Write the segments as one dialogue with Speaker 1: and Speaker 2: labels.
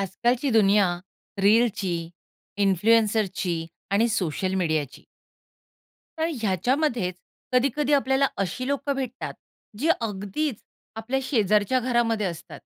Speaker 1: आजकालची दुनिया रीलची, इन्फ्लुएन्सरची आणि सोशल मीडियाची. तर ह्याच्यामध्येच कधी-कधी आपल्याला अशी लोकं भेटतात, जे अगदीच आपल्या शेजारच्या घरामध्ये असतात.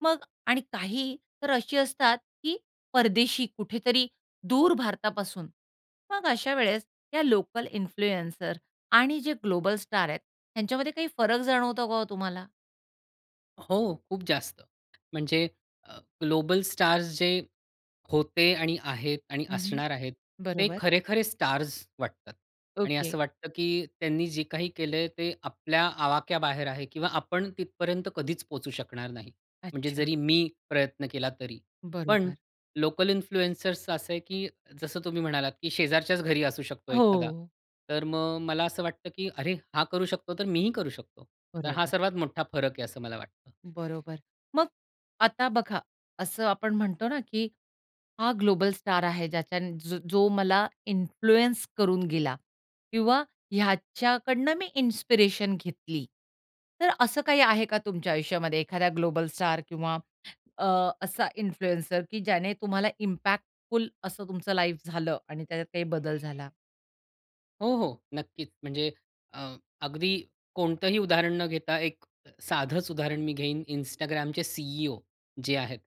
Speaker 1: मग आणि काही तर अशी असतात, की परदेशी कुठेतरी दूर भारतापासून. मग अशा वेळेस या लोकल इन्फ्लुएन्सर आणि जे ग्लोबल स्टार आहेत, ह्यांच्यामध्ये काही फरक जाणवतो का हो तुम्हाला?
Speaker 2: हो, खूप जास्त. म्हणजे अ, ग्लोबल स्टार्स जे होते आणि आहेत आणि
Speaker 1: हं, हं.
Speaker 2: असणार आहेत, ते
Speaker 1: बरोबर.
Speaker 2: खरे-खरे स्टार्स वाटतात. आणि
Speaker 1: ओके.
Speaker 2: असं वाटतं, की त्यांनी जे काही केलंय, ते आपल्या आवाक्या बाहेर आहे, किंवा आपण तिथपर्यंत कधीच पोहोचू शकणार नाही. म्हणजे
Speaker 1: अच्छा.
Speaker 2: जरी मी प्रयत्न केला, तरी. पण
Speaker 1: बरोबर.
Speaker 2: लोकल इन्फ्लुएन्सर्सचं असं आहे, की जसं तुम्ही म्हणालात, की शेजारच्याच घरी असू शकतो एखादा,
Speaker 1: हो.
Speaker 2: तर मग मला असं वाटतं, की अरे! हा करू शकतो, तर मीही करू शकतो. तर हा
Speaker 1: बरोबर.
Speaker 2: सर्वात मोठा फरक आहे, असं मला वाटतं.
Speaker 1: बरोबर. मग आता बघा, असं आपण म्हणतो ना, की हा ग्लोबल स्टार आहे, ज्याच्यान ज जो मला इन्फ्लुअन्स करून गेला, किंवा ह्याच्याकडनं मी इन्स्पिरेशन घेतली. तर असं काही आहे का तुमच्या आयुष्यामध्ये एखाद्या ग्लोबल स्टार किंवा अ, असा इन्फ्लुएन्सर, की ज्याने तुम्हाला इम्पॅक्टफुल असं तुमचं लाईफ झालं आणि त्याच्यात काही बदल झाला?
Speaker 2: हो, हो. नक्कीच. म्हणजे अ, अगदी कोणतंही उदाहरण न घेता एक अ, साधंच उदाहरण मी घेईन, Instagramचे C-E-O, जे आहेत,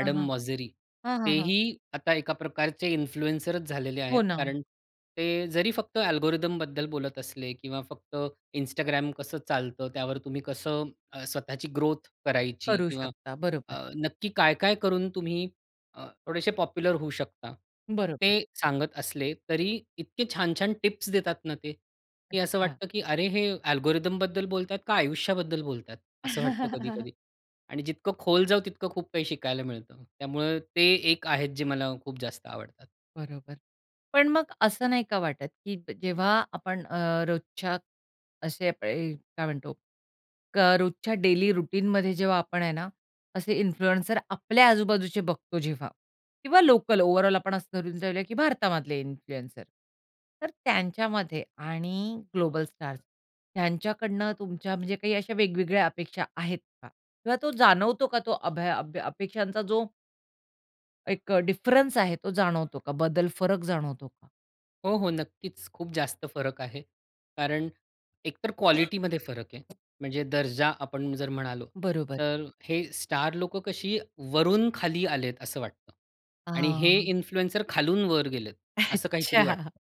Speaker 1: हां, हां.
Speaker 2: मोसेरी.
Speaker 1: हां, हां, हां.
Speaker 2: तेही आता एका प्रकारचे इन्फ्लुएन्सरचं झालेले
Speaker 1: हो
Speaker 2: आहेत.
Speaker 1: ना.
Speaker 2: कारण ते जरी फक्त अल्गोरिथमबद्दल बोलत असले किंवा फक्त Instagram कसं चालतं. त्यावर तुम्ही कसं अ, स्वतःची ग्रोथ करायची
Speaker 1: करू
Speaker 2: किंवा
Speaker 1: शकता, बरोबर.
Speaker 2: अ, नक्की काय, काय करून तुम्ही अ, थोडेसे पॉप्युलर होऊ शकता.
Speaker 1: बरोबर.
Speaker 2: ते सांगत असले तरी इतके छान-छान टिप्स देतात ना ते, की असं
Speaker 1: अच्छा.
Speaker 2: वाटतं की अरे हे अल्गोरिथमबद्दल बोलतात का आयुष्याबद्दल बोलतात. असं वाटतं कधी-कधी. आणि जितकं खोल जाऊ तितकं खूप काही शिकायला मिळतं. त्यामुळे ते एक आहे, जे मला खूप जास्त आवडतात.
Speaker 1: बरोबर. पण मग असं नाही का वाटत, की प जेव्हा आपण अ, रोजच्या असे अ प य काय म्हणतो, क रोजच्या डेली रूटीनमध्ये जेव्हा आपण आहे ना, असे इन्फ्लुएन्सर आपल्या आजूबाजूचे बघतो जेव्हा किंवा लोकल ओव्हरऑल आपण असं धरून जाऊ, की भारतामधले इन्फ्लुएन्सर. तर त्यांच्यामध्ये आणि ग्लोबल स्टार्स त्यांच्याकडनं तुमच्या म्हणजे काही अशा वेगवेगळ्या अपेक्षा आहेत का? किंवा तो जाणवतो का तो अभय अभ अपेक्षांचा जो. एक अ, डिफरन्स आहे तो जाणवतो का बदल, फरक जाणवतो का?
Speaker 2: हो, हो, नक्कीच. खूप जास्त फरक आहे. कारण एकतर क्वालिटीमध्ये फरक आहे. म्हणजे दर्जा आपण जर म्हणालो,
Speaker 1: बरोबर.
Speaker 2: तर हे स्टार लोकं कशी वरून खाली आलेत असं वाटतं आणि हे
Speaker 1: हां.
Speaker 2: इन्फ्लुएन्सर खालून वर गेलेत असं काहीतरी
Speaker 1: अच्छा.
Speaker 2: वाटतं.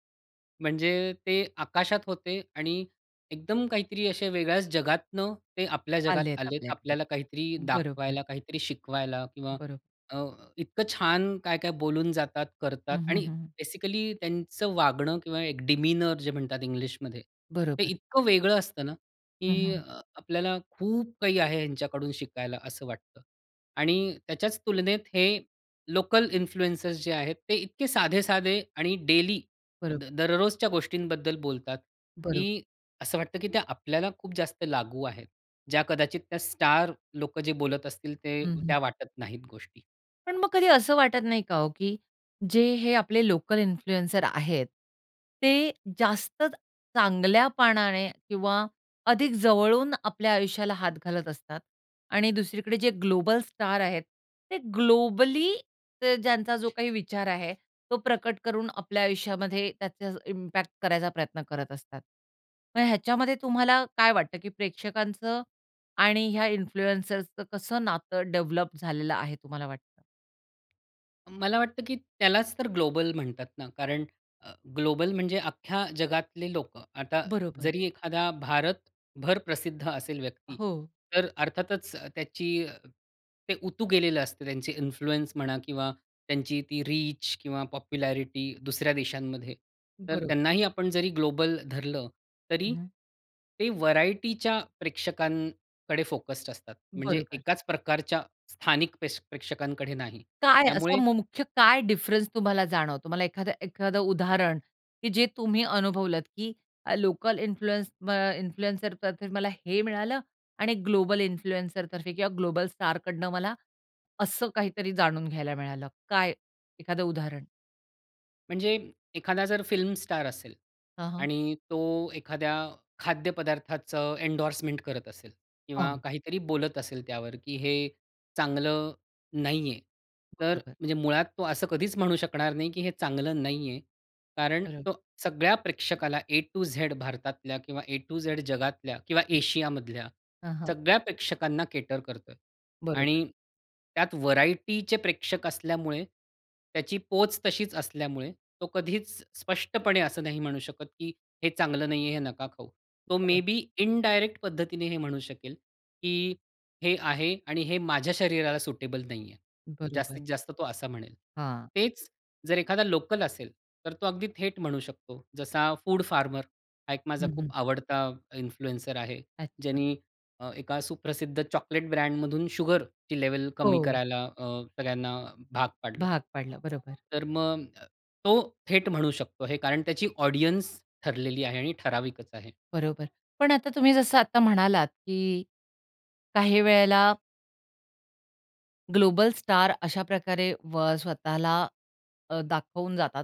Speaker 2: म्हणजे ते आकाशात होते आणि एकदम काहीतरी असे वेगळ्याच जगातनं ते आपल्या जगात
Speaker 1: आलेत
Speaker 2: आलेत.
Speaker 1: आपल्याकडे,
Speaker 2: आपल्याला काहीतरी
Speaker 1: बरोबर.
Speaker 2: दाखवायला काहीतरी शिकवायला किंवा
Speaker 1: बरोबर.
Speaker 2: अ, इतकं छान काय-काय बोलून जातात, करतात
Speaker 1: हं, हं,
Speaker 2: आणि
Speaker 1: हं.
Speaker 2: बेसिकली त्यांचं वागणं किंवा एक डिमीनर जे म्हणतात इंग्लिशमध्ये. ते
Speaker 1: बरोबर.
Speaker 2: इतकं वेगळं असतं ना,
Speaker 1: हं,
Speaker 2: की अ,
Speaker 1: हं.
Speaker 2: आपल्याला खूप काही आहे ह्यांच्याकडून शिकायला असं वाटतं आणि त्याच्याच तुलनेत हे लोकल इन्फ्लुएंसर्स जे आहेत, ते इतके साधे-साधे आणि डेली द
Speaker 1: बरोबर.
Speaker 2: दररोजच्या गोष्टींबद्दल बोलतात,
Speaker 1: बरोबर.
Speaker 2: की असं वाटतं की त्या आपल्याला खूप जास्त लागू आहेत. ज्या कदाचित त्या स्टार लोकं जे बोलत असतील ते
Speaker 1: हं, हं.
Speaker 2: त्या वाटत नाहीत गोष्टी.
Speaker 1: पण मग कधी असं वाटत नाही का हो? की जे हे आपले लोकल इन्फ्लुअन्सर्स आहेत, ते जास्त चांगल्यापणाने किंवा अधिक जवळून आपल्या आयुष्याला हात घालत असतात आणि दुसरीकडे जे ग्लोबल स्टार आहेत ते ग्लोबली ते ज्यांचा जो काही विचार आहे, तो प्रकट करून आपल्या आयुष्यामध्ये त्याचा इम्पॅक्ट करायचा प्रयत्न करत असतात. मग ह्याच्यामध्ये तुम्हाला काय वाटतं की प्रेक्षकांचं आणि ह्या इन्फ्लुअन्सर्सचं कसं नातं डेव्हलप झालेलं आहे तुम्हाला वाटतं?
Speaker 2: मला वाटतं की त्यालाच तर ग्लोबल म्हणतात ना कारण अ, ग्लोबल म्हणजे अख्ख्या जगातले लोकं. आता
Speaker 1: बरोबर.
Speaker 2: जरी एखादा भारतभर प्रसिद्ध असेल व्यक्ती,
Speaker 1: हो.
Speaker 2: तर अर्थातच त्याची ते उतू गेलेलं असतं, त्यांची इन्फ्लुअन्स म्हणा किंवा त्यांची ती रीच किंवा पॉप्युलॅरिटी दुसऱ्या देशांमध्ये. तर
Speaker 1: बरोबर.
Speaker 2: त्यांनाही आपण जरी ग्लोबल धरलं, तरी
Speaker 1: हं.
Speaker 2: ते व्हरायटीच्या प्रेक्षकांकडे फोकस्ड असतात. म्हणजे
Speaker 1: बरोबर.
Speaker 2: एकाच प्रकारच्या स्थानिक प्रेश प्रेक्षकांकडे नाही.
Speaker 1: काय असा
Speaker 2: त्यामुळे
Speaker 1: म मुख्य काय डिफरन्स तुम्हाला जाणवतो? मला एखाद एखादं उदाहरण की जे तुम्ही अनुभवलंत की अ, लोकल इन्फ्लुअन्स अ, इन्फ्लुएन्सर तर्फे मला हे मिळालं आणि ग्लोबल इन्फ्लुएन्सर तर्फे किंवा ग्लोबल स्टारकडनं मला असं काहीतरी जाणून घ्यायला मिळालं. काय एखादं उदाहरण?
Speaker 2: म्हणजे एखादा जर फिल्म स्टार असेल
Speaker 1: हां, हां.
Speaker 2: आणि तो एखाद्या खाद्य पदार्थाचं एंडोर्समेंट करत असेल किंवा
Speaker 1: हं.
Speaker 2: काहीतरी बोलत असेल त्यावर, की हे चांगलं नाही आहे. तर
Speaker 1: बरोबर.
Speaker 2: म्हणजे मुळात तो असं कधीच म्हणू शकणार नाही की हे चांगलं नाही आहे. कारण
Speaker 1: बरोबर.
Speaker 2: तो सगळ्या प्रेक्षकाला ए टू झेड भारतातल्या किंवा ए टू झेड जगातल्या किंवा एशिया मधल्या,
Speaker 1: हं, हं.
Speaker 2: सगळ्या प्रेक्षकांना केटर करतोय.
Speaker 1: बरोबर.
Speaker 2: आणि त्यात व्हरायटीचे प्रेक्षक असल्यामुळे, त्याची पोच तशीच असल्यामुळे, तो कधीच स्पष्टपणे असं नाही म्हणू शकत, की हे चांगलं नाही आहे, हे नका खाऊ. तो
Speaker 1: बरोबर.
Speaker 2: मेबी इनडायरेक्ट पद्धतीने हे म्हणू शकेल की हे आहे आणि हे माझ्या शरीराला सुटेबल नाही आहे.
Speaker 1: बरोबर.
Speaker 2: जास्तीत जास्त तो असा म्हणेल.
Speaker 1: हां.
Speaker 2: तेच जर एखादा लोकल असेल, तर तो अगदी थेट म्हणू शकतो. जसा फूड फार्मर हा एक माझा
Speaker 1: हं, हं.
Speaker 2: खूप आवडता इन्फ्लुएन्सर आहे,
Speaker 1: अच्छा.
Speaker 2: ज्यानी अ, एका सुप्रसिद्ध चॉकलेट ब्रँडमधून शुगरची लेव्हल कमी
Speaker 1: हो.
Speaker 2: करायला अ, सगळ्यांना भाग पाडलं.
Speaker 1: भाग पाडलं, बरोबर.
Speaker 2: तर मग अ, तो थेट म्हणू शकतो हे. कारण त्याची ऑडियन्स ठरलेली आहे आणि ठराविकच आहे.
Speaker 1: बरोबर. पण आता तुम्ही जसं आता म्हणालात की काही वेळेला ग्लोबल स्टार अशा प्रकारे व स्वतःला अ, दाखवून जातात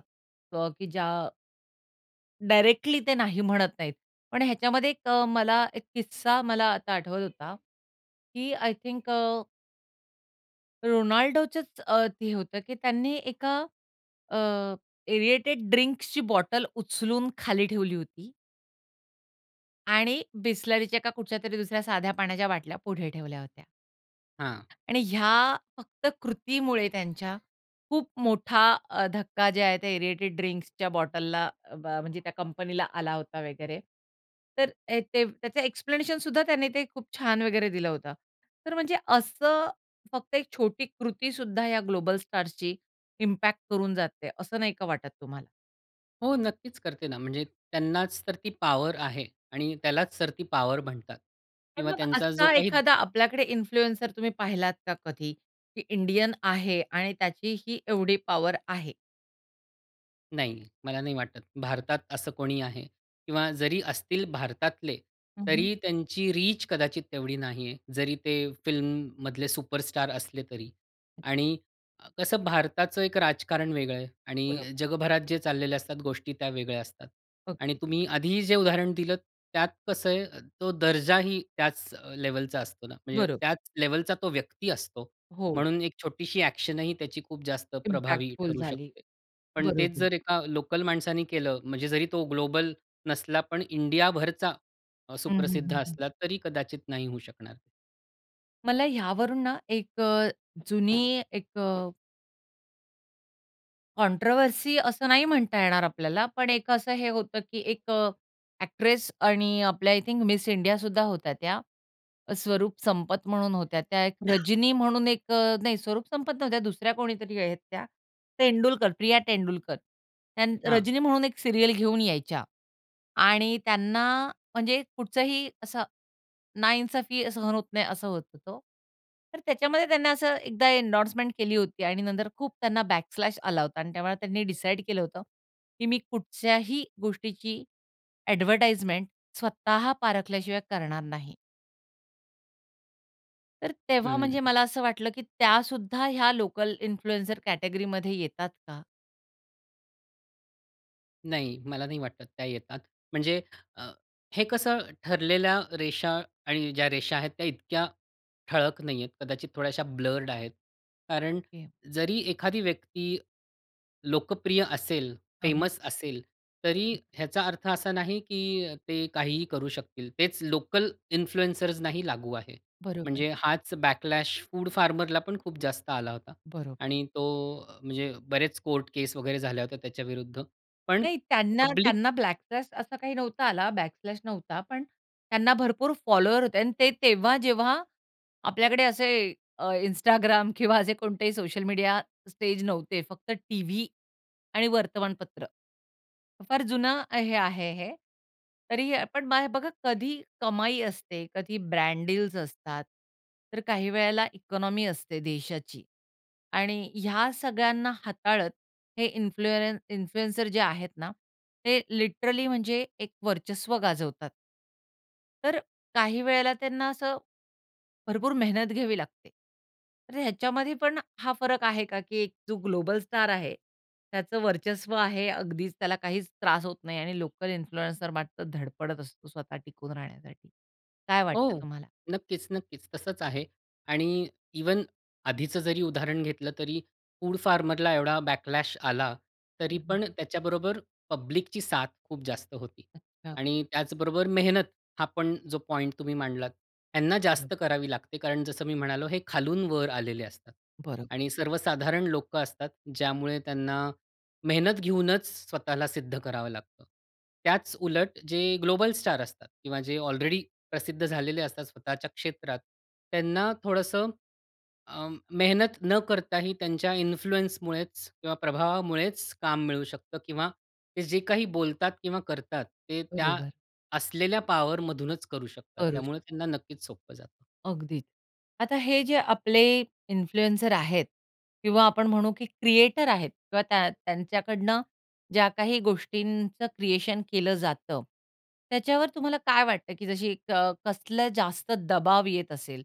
Speaker 1: क की ज्या डायरेक्टली ते नाही म्हणत नाहीत. पण ह्याच्यामध्ये एक अ, मला एक किस्सा मला आता आठवत होता, की आय थिंक अ रोनाल्डोचच अ, ते होतं की त्यांनी एका अ, एअरेटेड ड्रिंक्सची बॉटल उचलून खाली ठेवली होती. आणि बिसलरीच्या का कुठच्यातरी दुसऱ्या साध्या पाण्याच्या बाटल्या पुढे ठेवल्या होत्या.
Speaker 2: हां.
Speaker 1: आणि ह्या फक्त कृतीमुळे त्यांच्या, खूप मोठा अ, धक्का जे आहे त्या एअरेटेड ड्रिंक्सच्या बॉटलला अ, बा म्हणजे त्या कंपनीला आला होता वगैरे. तर अ, ते त्याचं एक्सप्लेनेशन सुद्धा त्याने ते खूप छान वगैरे दिलं होतं. तर म्हणजे असं फक्त एक छोटी कृती सुद्धा या ग्लोबल स्टार्सची इम्पॅक्ट करून जाते असं नाही का वाटत तुम्हाला?
Speaker 2: हो, नक्कीच करते ना, म्हणजे त्यांनाच तर ती पॉवर आहे आणि त्यालाच तर ती पॉवर म्हणतात.
Speaker 1: पण
Speaker 2: किंवा
Speaker 1: मग
Speaker 2: त्यांचा जो
Speaker 1: असा
Speaker 2: काही
Speaker 1: एखादा आपल्याकडे इन्फ्लुएन्सर तुम्ही पाहिलात का कधी? की इंडियन आहे आणि त्याची ही एवढी पॉवर आहे.
Speaker 2: नाही मला नाही वाटत. भारतात असं कोणीही आहे. किंवा जरी असतील भारतातले
Speaker 1: हं, हं.
Speaker 2: तरी त्यांची रीच कदाचित तेवढी नाही आहे. जरी ते फिल्ममधले सुपरस्टार असले तरी आणि अ, कसं भारताचं एक राजकारण वेगळं आहे आणि
Speaker 1: बरोबर.
Speaker 2: जगभरात जे चाललेले असतात गोष्टी त्या वेगळ्या असतात आणि
Speaker 1: ओके.
Speaker 2: तुम्ही आधी जे उदाहरण दिलं त्यात कसं आहे, तो दर्जाही त्याच लेव्हलचा असतो ना. म्हणजे
Speaker 1: बरोबर.
Speaker 2: त्याच लेव्हलचा तो व्यक्ती असतो.
Speaker 1: हो.
Speaker 2: म्हणून एक छोटीशी एक्शन ही त्याची खूप जास्त प्रभावी
Speaker 1: इम्पॅक्टफुल
Speaker 2: ठरू
Speaker 1: झाली,
Speaker 2: शकते. पण तेच
Speaker 1: बरोबर.
Speaker 2: जर एका लोकल माणसाने केलं म्हणजे जरी तो ग्लोबल नसला पण इंडियाभरचा
Speaker 1: हं, हं,
Speaker 2: सुप्रसिद्ध
Speaker 1: हं, हं.
Speaker 2: असला तरी कदाचित नाही होऊ शकणार.
Speaker 1: मला ह्यावरून ना एक अ, जुनी एक अ कॉन्ट्रोव्हर्सी असं नाही म्हणता येणार आपल्याला. पण एक असं हे होतं, की एक अ, एक्ट्रेस आणि आपल्या आय थिंक मिस इंडिया सुद्धा होत्या त्या, स्वरूप संपत म्हणून होत्या त्या. एक रजनी म्हणून एक अ नाही, स्वरूप संपत नव्हत्या दुसऱ्या कोणीतरी आहेत त्या. तेंडुलकर, प्रिया तेंडुलकर. त्यान
Speaker 2: हां.
Speaker 1: रजनी म्हणून एक सीरियल घेऊन यायच्या आणि त्यांना म्हणजे कुठचाही असं नाइंसाफ़ी सहन होत नाही, असं होत तो. तर त्याच्यामध्ये त्यांनी असं एकदा एंडोर्समेंट केली होती आणि नंतर खूप त्यांना बॅक स्लॅश आला होता आणि त्यामुळे त्यांनी डिसाईड केलं होतं की मी कुठच्याही गोष्टीची एडव्हर्टाइजमेंट स्वतः पारखल्याशिवाय करणार नाही. तर तेव्हा म्हणजे
Speaker 2: हं.
Speaker 1: मला असं वाटलं की त्या सुद्धा ह्या लोकल इन्फ्लुएन्झर कॅटेगरीमध्ये येतात का?
Speaker 2: नाही मला नाही वाटत त्या येतात. म्हणजे अ, हे कसं ठरलेल्या रेषा आणि ज्या रेषा आहेत त्या इतक्या ठळक नाहीयेत. कदाचित थोड्याश्या ब्लर्ड आहेत. कारण
Speaker 1: ओके.
Speaker 2: जरी एखादी व्यक्ती लोकप्रिय असेल,
Speaker 1: हां, हां.
Speaker 2: फेमस असेल, तरी ह्याचा अर्थ असा नाही की ते काहीही करू शकतील. तेच लोकल इन्फ्लुएंसर्सनाही लागू आहे.
Speaker 1: बरोबर.
Speaker 2: म्हणजे हाच बॅकलॅश फूड फार्मरला पण खूप जास्त आला होता
Speaker 1: बरोबर.
Speaker 2: आणि तो अ, म्हणजे बरेच कोर्ट केस वगैरे झाल्या होत्या त्याच्याविरुद्ध पण
Speaker 1: नाही त्यांना
Speaker 2: पब्लिक
Speaker 1: त्यांना बॅकलॅश असा काही नव्हता आला, बॅकलॅश नव्हता. पण त्यांना भरपूर फॉलोवर होते आणि ते तेव्हा जेव्हा आपल्याकडे असे अ, Instagram किंवा असे कोणतेही सोशल मीडिया स्टेज नव्हते. फक्त टीव्ही आणि वर्तमानपत्र. फार जुनं आहे आहे हे. तरी आपण बाय बघा कधी कमाई असते कधी ब्रँड डील्स असतात तर काही वेळेला इकॉनॉमी असते देशाची आणि ह्या सगळ्यांना हाताळत हे इन्फ्लू इन्फ्लुएन्सर जे आहेत ना, ते लिटरली म्हणजे एक वर्चस्व गाजवतात. तर काही वेळेला त्यांना असं, भरपूर मेहनत घ्यावी लागते. तर ह्याच्यामध्ये पण हा फरक आहे का, की एक जो ग्लोबल स्टार आहे, त्याचं वर्चस्व आहे अगदीच, त्याला काहीच त्रास होत नाही आणि लोकल इन्फ्लुएन्सर मात्र धडपडत असतो स्वतः टिकून राहण्यासाठी. काय वाटतं
Speaker 2: हो.
Speaker 1: तुम्हाला?
Speaker 2: नक्कीच, नक्कीच. तसंच आहे आणि इव्हन आधीचं जरी उदाहरण घेतलं तरी फूड फार्मरला एवढा बॅकलॅश आला, तरी
Speaker 1: हं, हं.
Speaker 2: पण त्याच्याबरोबर पब्लिकची साथ खूप जास्त होती.
Speaker 1: अच्छा.
Speaker 2: आणि त्याचबरोबर मेहनत हा पण जो पॉइंट तुम्ही मांडलात, त्यांना
Speaker 1: बरं.
Speaker 2: जास्त करावी लागते, कारण जसं मी म्हणालो, हे खालून वर आलेले असतात.
Speaker 1: बरं.
Speaker 2: आणि सर्वसाधारण लोकं असतात, ज्यामुळे त्यांना मेहनत घेऊनच स्वतःला सिद्ध करावं लागतं. त्याच उलट जे ग्लोबल स्टार असतात किंवा जे अलरेडी प्रसिद्ध झालेले असतात स्वतःच्या क्षेत्रात, त्यांना थोडंसं अं, मेहनत न करताही त्यांच्या इन्फ्लुअन्समुळेचं किंवा प्रभावामुळेचं काम मिळू शकतं किंवा ते जे काही बोलतात किंवा करतात, ते त्या
Speaker 1: बरोबर.
Speaker 2: असलेल्या पावरमधूनचं करू शकतात.
Speaker 1: करू
Speaker 2: त्यामुळे
Speaker 1: शकतो.
Speaker 2: त्यांना नक्कीच सोपं जातं.
Speaker 1: अगदीच. आता हे जे आपले इन्फ्लुएन्सर आहेत किंवा आपण म्हणू, की क्रिएटर आहेत किंवा त्या त्यांच्याकडनं ज्या काही गोष्टींचं क्रिएशन केलं जातं, त्याच्यावर तुम्हाला काय वाटतं, की जशी एक कसलं जास्त दबाव येत असेल?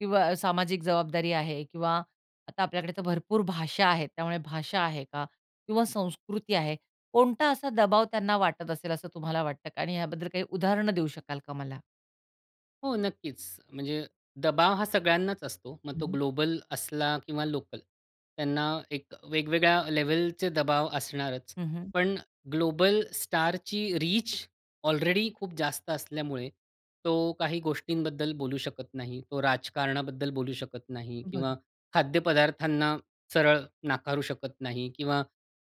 Speaker 1: किंवा सामाजिक जबाबदारी आहे किंवा आता आपल्याकडे तर भरपूर भाषा आहेत. त्यामुळे भाषा आहे का? किंवा संस्कृती आहे. कोणता असा दबाव त्यांना वाटत असेल असं तुम्हाला वाटतं का? आणि याबद्दल काही उदाहरण देऊ शकाल का मला?
Speaker 2: हो, नक्कीच म्हणजे दबाव हा सगळ्यांनाच असतो. मग
Speaker 1: हं,
Speaker 2: तो
Speaker 1: हं.
Speaker 2: ग्लोबल असला किंवा लोकल. त्यांना एक वेगवेगळ्या लेव्हलचे दबाव असणारच.
Speaker 1: हं, हं.
Speaker 2: पण ग्लोबल स्टारची रीच ऑलरेडी खूप जास्त असल्यामुळे तो काही गोष्टींबद्दल बोलू शकत नाही. तो राजकारणाबद्दल बोलू शकत नाही
Speaker 1: बरोबर.
Speaker 2: किंवा खाद्यपदार्थांना सरळ नाकारू शकत नाही किंवा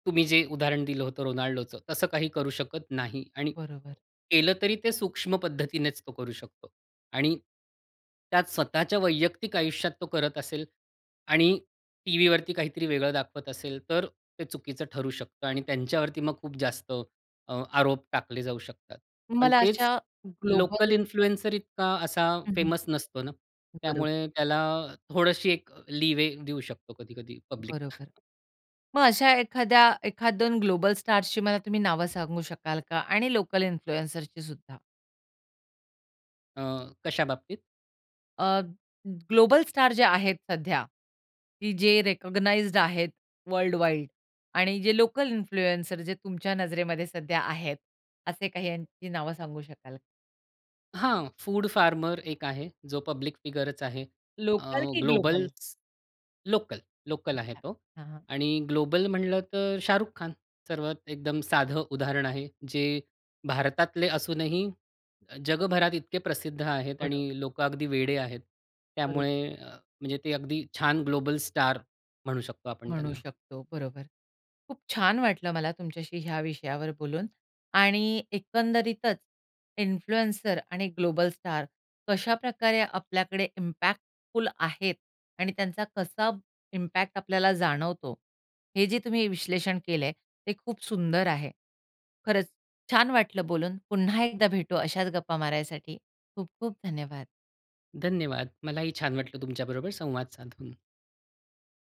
Speaker 2: तुम्ही जे उदाहरण दिलं होतं, रोनाल्डोचं, तसं काही करू शकत नाही. आणि
Speaker 1: बरोबर.
Speaker 2: केलं तरी ते सूक्ष्म पद्धतीनेच तो करू शकतो. आणि त्यात स्वतःच्या वैयक्तिक आयुष्यात तो करत असेल, आणि टीव्हीवरती काहीतरी वेगळं दाखवत असेल, तर ते चुकीचं ठरू शकतं आणि त्यांच्यावरती मग खूप जास्त अ, आरोप टाकले जाऊ शकतात. पण
Speaker 1: मला
Speaker 2: तेच
Speaker 1: अशा
Speaker 2: लोकल
Speaker 1: ग्लोबल.
Speaker 2: इन्फ्लुएन्सर इतका असा
Speaker 1: हं, हं.
Speaker 2: फेमस नसतो ना.
Speaker 1: बरोबर.
Speaker 2: त्यामुळे त्याला थोडशी एक लीवे देऊ शकतो, कधी कधी पब्लिक.
Speaker 1: बरोबर. मग अशा एखाद्या एखाद-दोन ग्लोबल स्टार्सची मला तुम्ही नावं सांगू शकाल का आणि लोकल इन्फ्लुएन्सरची सुद्धा?
Speaker 2: अ, कशा बाबतीत?
Speaker 1: अ, ग ग्लोबल स्टार जे आहेत सध्या, की जे रेकग्नाइज्ड आहेत वर्ल्ड वाईड आणि जे लोकल इन्फ्लुएन्सर जे तुमच्या नजरेमध्ये सध्या आहेत, असे काही यांची नावं सांगू शकाल?
Speaker 2: हां, फूड फार्मर एक आहे जो पब्लिक फिगरच आहे. अ,
Speaker 1: लोकल की ग्लोबल?
Speaker 2: ग्लोबल्स लोकल, लोकल आहे
Speaker 1: अच्छा,
Speaker 2: तो
Speaker 1: हां, हां
Speaker 2: आणि ग्लोबल म्हटलं तर शाहरुख खान सर्वात एकदम साधं उदाहरण आहे. जे भारतातले असूनही अ, जगभरात इतके प्रसिद्ध आहेत आणि
Speaker 1: बरोबर.
Speaker 2: लोकं अगदी वेडे आहेत.
Speaker 1: बरो
Speaker 2: त्यामुळे म्हणजे ते अगदी छान ग्लोबल स्टार म्हणू शकतो आपण
Speaker 1: म्हणू
Speaker 2: त्यांना.
Speaker 1: शकतो, बरोबर. खूप छान वाटलं मला तुमच्याशी ह्या विषयावर बोलून आणि एकंदरीतच इन्फ्लुएन्सर आणि ग्लोबल स्टार कशाप्रकारे आपल्याकडे इम्पॅक्टफुल आहेत आणि त्यांचा कसा इम्पॅक्ट आपल्याला जाणवतो, हे जे तुम्ही विश्लेषण केलंय ते खूप सुंदर आहे. खरंच छान वाटलं बोलून. पुन्हा एकदा भेटू अशाच गप्पा मारायसाठी. खूप-खूप धन्यवाद.
Speaker 2: धन्यवाद! मलाही छान वाटलं तुमच्याबरोबर संवाद साधून.